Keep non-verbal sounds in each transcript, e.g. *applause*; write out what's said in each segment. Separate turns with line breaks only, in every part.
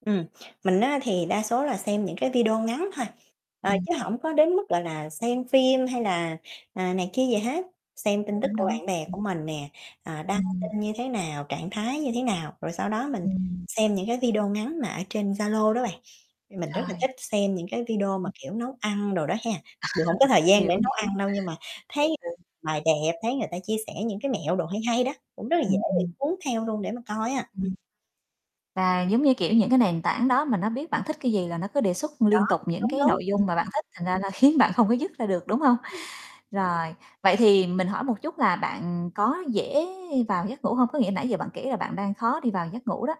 Ừm, mình á thì đa số là xem những cái video ngắn thôi, ờ,
Ừm.
chứ hổng có đến mức, gọi là, xem phim hay là, à, này kia gì hết. Xem tin tức
Đúng,
của
đúng.
bạn bè
Ừm.
của mình nè, à, đăng
Ừm.
tin như thế nào, trạng thái như thế nào. Rồi sau đó mình
Ừm.
xem những cái video ngắn mà ở trên Zalo đó bạn. Mình rất là
Rồi.
thích xem những cái video mà, kiểu, nấu ăn đồ đó ha, mặc dù hông có thời
*laughs*
gian để
Hiểu,
nấu
hiểu.
ăn đâu nhưng mà
Ừ,
thấy
ừ.
bày đẹp, thấy người ta chia sẻ những cái mẹo đồ hay hay đó, cũng rất là dễ
Ừm,
bị
ừm.
cuốn theo luôn để mà coi á. Ừm.
Ừm. Và giống như, kiểu, những cái nền tảng đó mà nó biết bạn thích cái gì là nó cứ đề xuất
Đó,
liên tục những
đúng,
cái
đúng.
nội
Ừm.
dung mà bạn thích, thành ra là khiến bạn không có dứt ra được, đúng hông?
Ừm.
Rồi, vậy thì mình hỏi một chút là bạn có dễ vào giấc ngủ hông? Có nghĩa nãy giờ bạn kể là bạn đang khó đi vào giấc ngủ đó.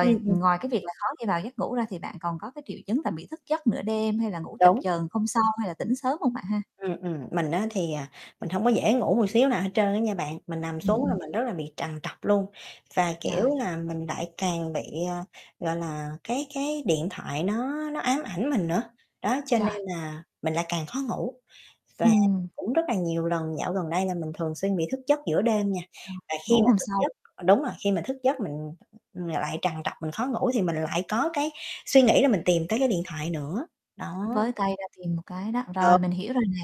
Ừm, ừm.
ngoài cái việc là khó đi vào giấc ngủ ra thì bạn còn có cái triệu chứng là bị thức giấc nửa đêm hay là ngủ chập
Đúng.
chờn hôm sau hay là tỉnh sớm hông bạn ha?
Ừm, ừm, mình á thì, à, mình hông có dễ ngủ một xíu nào hết trơn á nha bạn. Mình nằm
Ừm,
xuống là
ừm.
mình rất là bị trằn trọc luôn và, kiểu
Rồi.
là, mình lại càng bị, à, gọi là, cái cái điện thoại nó nó ám ảnh mình nữa, đó cho
Rồi
nên
*unintelligible*
là mình lại càng khó ngủ. Và
Ừm.
cũng rất là nhiều lần dạo gần đây là mình thường xuyên bị thức giấc giữa đêm nha,
Rồi,
và khi
ngủ
mà
hông
thức
sâu.
giấc ừ, đúng rồi, khi mà thức giấc mình lại trằn trọc, mình khó ngủ thì mình lại có cái suy nghĩ là mình tìm tới cái điện thoại nữa,
*unintelligible*
đó.
Với tay ra tìm một cái đó, rồi
*unintelligible*
mình hiểu rồi nè.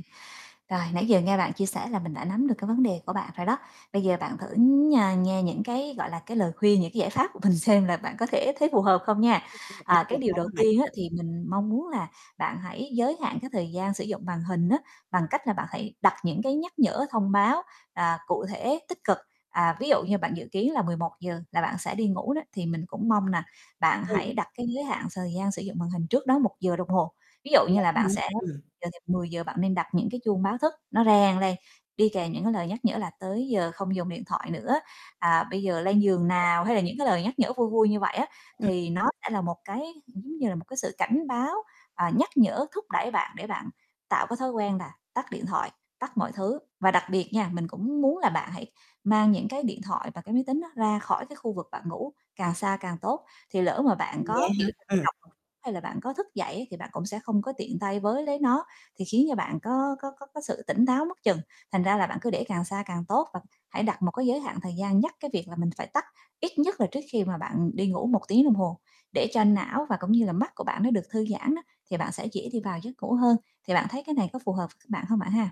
Rồi nãy giờ nghe bạn chia sẻ là mình đã nắm được cái vấn đề của bạn rồi đó. Bây giờ bạn thử nh nghe những cái, gọi là, cái lời khuyên, những cái giải pháp của mình xem là bạn có thể thấy phù hợp không nha. À, cái
*unintelligible*
điều
Cảm
đầu
ơn bạn.
tiên á thì mình mong muốn là bạn hãy giới hạn cái thời gian sử dụng màn hình á, bằng cách là bạn hãy đặt những cái nhắc nhở, thông báo, à, cụ thể, tích cực. À, ví dụ như bạn dự kiến là 11:00 là bạn sẽ đi ngủ đó thì mình cũng mong là bạn
Ừm.
hãy đặt cái giới hạn thời gian sử dụng màn hình trước đó 1 giờ đồng hồ. Ví dụ
Vậy
như
á
là bạn
hả?
sẽ
Ừm.
dự định 10:00 bạn nên đặt những cái chuông báo thức nó reng lên, đi kèm những cái lời nhắc nhở là "tới giờ không dùng điện thoại nữa" à, "bây giờ lên giường nào" hay là những cái lời nhắc nhở vui vui như vậy á
Ừm.
thì nó sẽ là một cái *unintelligible* như là một cái sự cảnh báo, à, nhắc nhở, thúc đẩy bạn để bạn tạo cái thói quen là tắt điện thoại, tắt mọi thứ. Và đặc biệt nha, mình cũng muốn là bạn hãy mang những cái điện thoại và cái máy tính đó ra khỏi cái khu vực bạn ngủ càng xa càng tốt. Thì lỡ mà bạn
Ừm, vậy
có,
á
kiểu, trằn
hả? Ừm.
trọc hay là bạn có thức dậy á thì bạn cũng sẽ không có tiện tay với lấy nó thì khiến cho bạn có có có có sự tỉnh táo mất chừng, thành ra là bạn cứ để càng xa càng tốt và hãy đặt một cái giới hạn thời gian nhắc cái việc là mình phải tắt ít nhất là trước khi mà bạn đi ngủ 1 tiếng đồng hồ để cho não và cũng như là mắt của bạn nó được thư giãn á thì bạn sẽ dễ đi vào giấc ngủ hơn. Thì bạn thấy cái này có phù hợp bạn hông bạn ha?